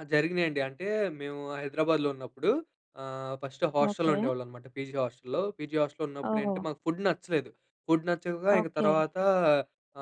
ఆ! జరిగినయండి అంటే మేము హైదరాబాద్‌లో ఉన్నప్పుడు ఆహ్, ఫస్ట్ హాస్టల్‌లో ఓకే. ఉండేవాళ్ళమనమాట పీజీ హాస్టల్‌లో. పీజీ హాస్టల్‌లో ఉన్నప్పుడేంటి? ఓహో! మాకు ఫుడ్ నచ్చలేదు. ఫుడ్ నచ్చక ఇంక ఓకే. తర్వాత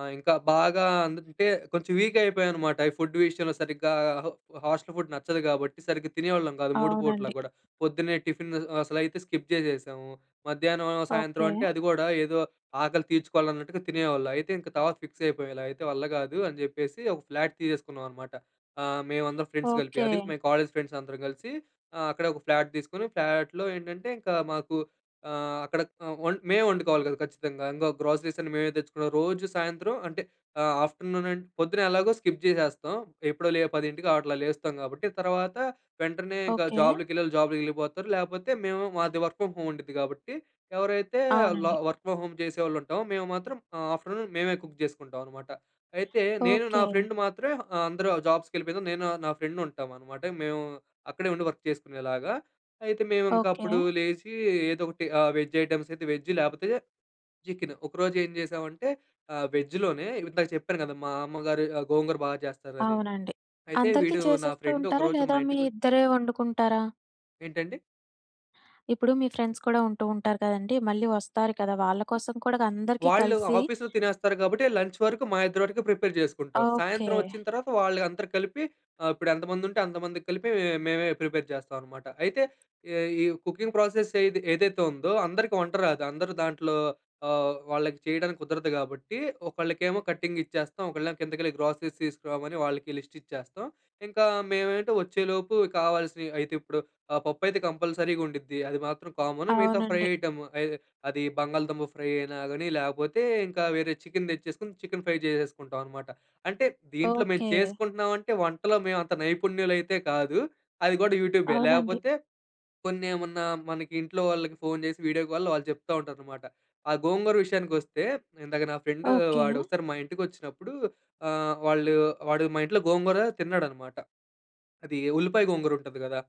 ఆహ్, ఇంకా బాగా అందట్టే కొంచెం వీక్ అయిపోయాన్నమాట. ఈ ఫుడ్ విషయంలో సరిగ్గా హ హాస్టల్ ఫుడ్ నచ్చదు గాబట్టి సరిగ్గా తినేవాళ్ళం గాదు 3 పూటలా అవునండి. కూడా. పొద్దున్నే టిఫిన్ అసలైతే స్కిప్ జేసేసాము. మధ్యాహ్నం, సాయంత్రం ఓకే. అంటే అది గూడా ఏదో ఆకలి తీర్చుకోవాలన్నట్టుగా తినేవాళ్ళు. అయితే ఇంక తర్వాత ఫిక్స్ అయిపోయాం. ఇలా అయితే వల్ల గాదు అని జెప్పేసి ఒక ఫ్లాట్ తీసేసుకున్నామన్నమాట. ఆహ్, మేమందరం ఫ్రెండ్స్ కలిపి. ఓకే. అది మేం కాలేజ్ ఫ్రెండ్స్ అందరం కలిసి ఆహ్, అక్కడే ఒక ఫ్లాట్ తీసుకొని, ఫ్లాట్‌లో ఏంటంటే ఇంకా మాకు ఆహ్, అక్కడ ఆహ్, వం మేమే వండుకోవాలి గదా! ఖచ్చితంగా. ఇంగ గ్రాసరీస్ అన్ని మేమే తెచ్చుకున్నాం. రోజు సాయంత్రం అంటే ఆహ్, ఆఫ్టర్‌నూన్ అం పొద్దున ఎలాగో స్కిప్ చేసేస్తాం. ఎప్పుడో లే 10కి అట్లా లేస్తాం గాబట్టి తర్వాత వెంటనే ఇంకా ఓకే. జాబ్‌లకి వెళ్ళేవాళ్ళు జాబ్‌లకెళ్ళిపోతారు లేకపోతే మేము మాది వర్క్ ఫ్రమ్ హోమ్ ఉండిద్ది గాబట్టి ఎవరైతే ల అవునండి. వర్క్ ఫ్రమ్ హోమ్ చేసేవాళ్ళు ఉంటామో! మేము మాత్రం ఆహ్, ఆఫ్టర్‌నూన్ మేమే కుక్ జేసుకుంటామన్నమాట. అయితే నేను ఓకే. నా ఫ్రెండ్ మాత్రమే ఆహ్, అందరూ వాళ్ళ జాబ్స్‌కెళ్ళిపోయినాక నేను నా ఫ్రెండ్ ఉంటామన్నమాట. మేము అక్కడే ఉండి వర్క్ చేసుకునేలాగా. అయితే మేమింకా ఓకే. అప్పుడు లేచి ఏదో ఒకటి ఆహ్, వెజ్ ఐటెమ్స్ అయితే వెజ్ లేకపోతే చికెన్ ఒకరోజు. ఏం జేసామంటే ఆహ్, వెజ్‌లోనే ఇందాక చెప్పాను గదా! మా అమ్మగారు ఆహ్, గోంగూర బాగా చేస్తారని. అవునండి. అయితే అందరికీ వీడు నా చేసేస్తూ ఫ్రెండ్ ఉంటారా ఒకరోజు మా లేదా మీ ఇంటికొ ఇద్దరే వండుకుంటారా? ఏంటండి? ఇప్పుడు మీ ఫ్రెండ్స్ కూడా ఉంటూ ఉంటారు కదండీ! మళ్ళీ వస్తారు కదా! వాళ్ళ కోసం కూడా అందరికి వాళ్ళు కలిసి ఆఫీస్‌లో తినేస్తారు గాబట్టి లంచ్ వరకు మా ఇద్దరి వరకే ప్రిపేర్ చేసుకుంటాం. ఓకే. సాయంత్రం వచ్చిన తర్వాత వాళ్ళంకందరూ కలిపి ఇప్పుడు ఎంతమంది ఉంటే అంతమందికి కలిపి మేమే ప్రిపేర్ చేస్తాం అన్నమాట. అయితే ఈ ఈ కుకింగ్ ప్రాసెస్ ఏది ఏదైతే ఉందో అందరికి వంట రాదు అందరూ దాంట్లో ఆహ్, వాళ్ళకి చేయడానికి కుదరదు కాబట్టి ఒకళ్ళకేమో కటింగ్ ఇచ్చేస్తాం ఒకళ్ళేమో కిందకెళ్ళి గ్రాసరీస్ తీసుకురామని వాళ్ళకి లిస్ట్ ఇచ్చేస్తాం. ఇంకా మేమేంటి వచ్చేలోపు కావాల్సినయి అయితే ఇప్పుడు ఆహ్, పప్పు అయితే కంపల్సరీగా ఉండుద్ది అది మాత్రం కామన్ మిగతా ఫ్రై అవునండి. ఐటెమ్ అయ్ అది బంగాళదుంప ఫ్రై అయినా గాని లేకపోతే ఇంకా వేరే చికెన్ తెచ్చేసుకొని చికెన్ ఫ్రై చేసేసుకుంటామన్నమాట. అంటే దీంట్లో మేము ఓకే. చేసుకుంటున్నామంటే వంటలో మేము అంత నైపుణ్యులు అయితే కాదు. అది గూడా యూట్యూబే అవునండి. లేకపోతే కొన్ని ఏమన్నా మనకి ఇంట్లో వాళ్ళకి ఫోన్ జేసి వీడియో కాల్‌లో వాళ్ళు చెప్తా ఉంటారన్నమాట. ఆ గోంగూర విషయానికొస్తే ఇందాక నా ఫ్రెండ్ ఓకే. వాడు ఒకసారి మా ఇంటికొచ్చినప్పుడు ఆహ్, వాళ్ళు వాడు మా ఇంట్లో గోంగూర తిన్నాడన్నమాట. అది ఉల్లిపాయ గోంగూర ఉంటది గదా!